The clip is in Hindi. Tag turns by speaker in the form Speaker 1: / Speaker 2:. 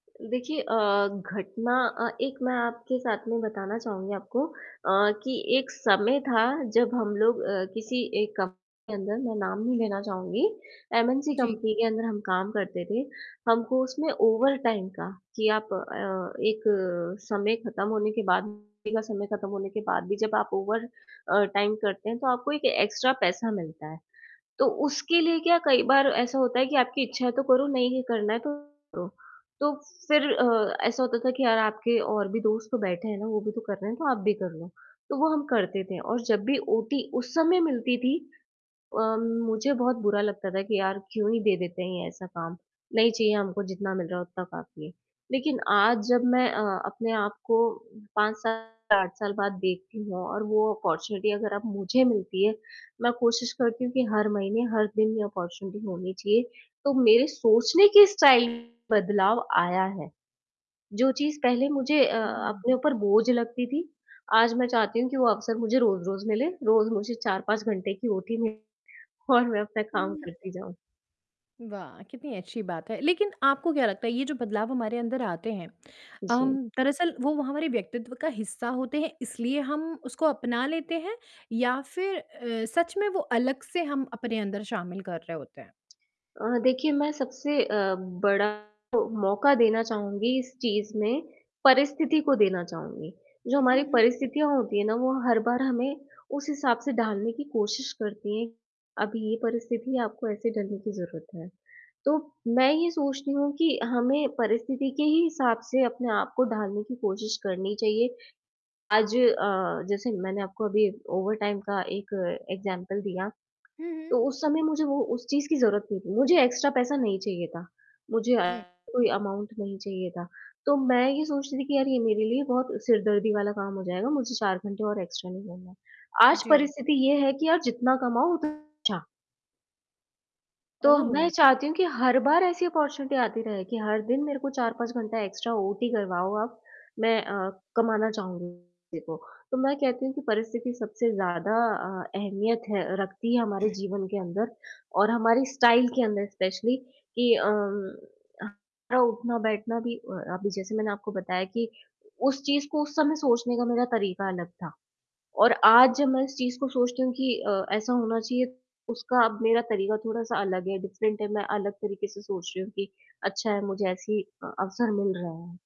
Speaker 1: देखिए अ, घटना अ, एक मैं आपके साथ में बताना चाहूँगी आपको अ, कि एक समय था जब हम लोग अ, किसी एक कंपनी के अंदर मैं नाम नहीं लेना चाहूँगी, एमएनसी
Speaker 2: जी।
Speaker 1: कंपनी के अंदर हम काम करते थे। हमको उसमें ओवरटाइम का कि आप अ, एक समय ख़त्म होने के बाद ड्यूटी का समय ख़त्म होने के बाद भी जब आप ओवर अ, टाइम करते हैं तो आपको एक एक्स्ट्रा पैसा मिलता है। तो उसके लिए क्या कई बार ऐसा होता है कि आपकी इच्छा है तो करो, नहीं करना है तो मत करो। तो फिर अ, ऐसा होता था कि यार आपके और भी दोस्त तो बैठे हैं ना, वो भी तो कर रहे हैं तो आप भी कर लो। तो वो हम करते थे और जब भी ओटी उस समय मिलती थी, अम, मुझे बहुत बुरा लगता था कि यार क्यों ही दे देते हैं ऐसा काम, नहीं चाहिए हमको जितना मिल रहा है उतना काफ़ी है। लेकिन आज जब मैं अ, अपने आप को 5 साल, 8 साल बाद देखती हूँ और वो अपॉर्चुनिटी अगर अब मुझे मिलती है, मैं कोशिश करती हूँ कि हर महीने, हर दिन ये अपॉर्चुनिटी होनी चाहिए। तो मेरे सोचने के स्टाइल बदलाव आया है। जो चीज़ पहले मुझे अ,
Speaker 2: हुँ।
Speaker 1: अपने ऊपर बोझ लगती थी, आज मैं चाहती हूँ कि वो अवसर मुझे रोज़-रोज़ मिले। रोज़ मुझे 4-5 घंटे की ओटी मिले और मैं अपना काम
Speaker 2: हुँ।
Speaker 1: करती जाऊँ।
Speaker 2: वाह! कितनी अच्छी बात है। लेकिन आपको क्या लगता है, ये जो बदलाव हमारे अंदर आते हैं अम,
Speaker 1: जी।
Speaker 2: दरअसल वो व हमारे व्यक्तित्व का हिस्सा होते हैं इसलिए हम उसको अपना लेते हैं या फिर अ, सच में वो अलग से हम अपने अंदर शामिल कर रहे होते हैं?
Speaker 1: अ, देखिए, मैं सबसे अ, बड़ा जो मौका देना चाहूँगी इस चीज़ में, परिस्थिति को देना चाहूँगी। जो हमारी
Speaker 2: उहुँ, हुँ।
Speaker 1: परिस्थितियाँ होती है ना, वो हर बार हमें उस हिसाब से ढालने की कोशिश करती हैं, अब ये परिस्थिति है आपको ऐसे ढलने की ज़रूरत है। तो मैं ये सोचती हूँ कि हमें परिस्थिति के ही हिसाब से अपने आप को ढालने की कोशिश करनी चाहिए। आज अ, जैसे मैंने आपको अभी ओवरटाइम का एक एग्जाम्पल दिया,
Speaker 2: हुँ, हुँ।
Speaker 1: तो उस समय मुझे वो उस चीज़ की ज़रूरत नहीं थी, मुझे एक्स्ट्रा पैसा नहीं चाहिए था। मुझे
Speaker 2: हुँ।
Speaker 1: एक्स्ट्रा कोई अमाउन्ट नहीं चाहिए था। तो मैं ये सोचती थी कि यार ये मेरे लिए बहुत सिर दर्दी वाला काम हो जाएगा, मुझे 4 घंटे और एक्स्ट्रा नहीं करना है। आज
Speaker 2: जी।
Speaker 1: परिस्थिति ये है कि यार जितना कमाओ उतना अच्छा। तो मैं
Speaker 2: ओह!
Speaker 1: चाहती हूँ कि हर बार ऐसी अपॉर्चुनिटी आती रहे कि हर दिन मेरे को 4-5 घंटा एक्स्ट्रा ओटी करवाओ आप। मैं अ, कमाना चाहूँगी [unintelligible] को, तो मैं कहती हूँ कि परिस्थिति सबसे ज़्यादा अ, अहमियत है रखती है हमारे जीवन के अंदर और हमारी स्टाइल के अंदर स्पेशली कि अम, हमारा उठना-बैठना भी अ, अभी जैसे मैंने आपको बताया कि उस चीज़ को उस समय सोचने का मेरा तरीका अलग था। और आज जब मैं इस चीज़ को सोचती हूँ कि अ, ऐसा होना चाहिए, उसका अब मेरा तरीका थोड़ा-सा अलग है, डिफरेंट है, मैं अलग तरीके से सोच रही हूँ कि अच्छा है, मुझे ऐसे ही अ, अवसर मिल रहा है।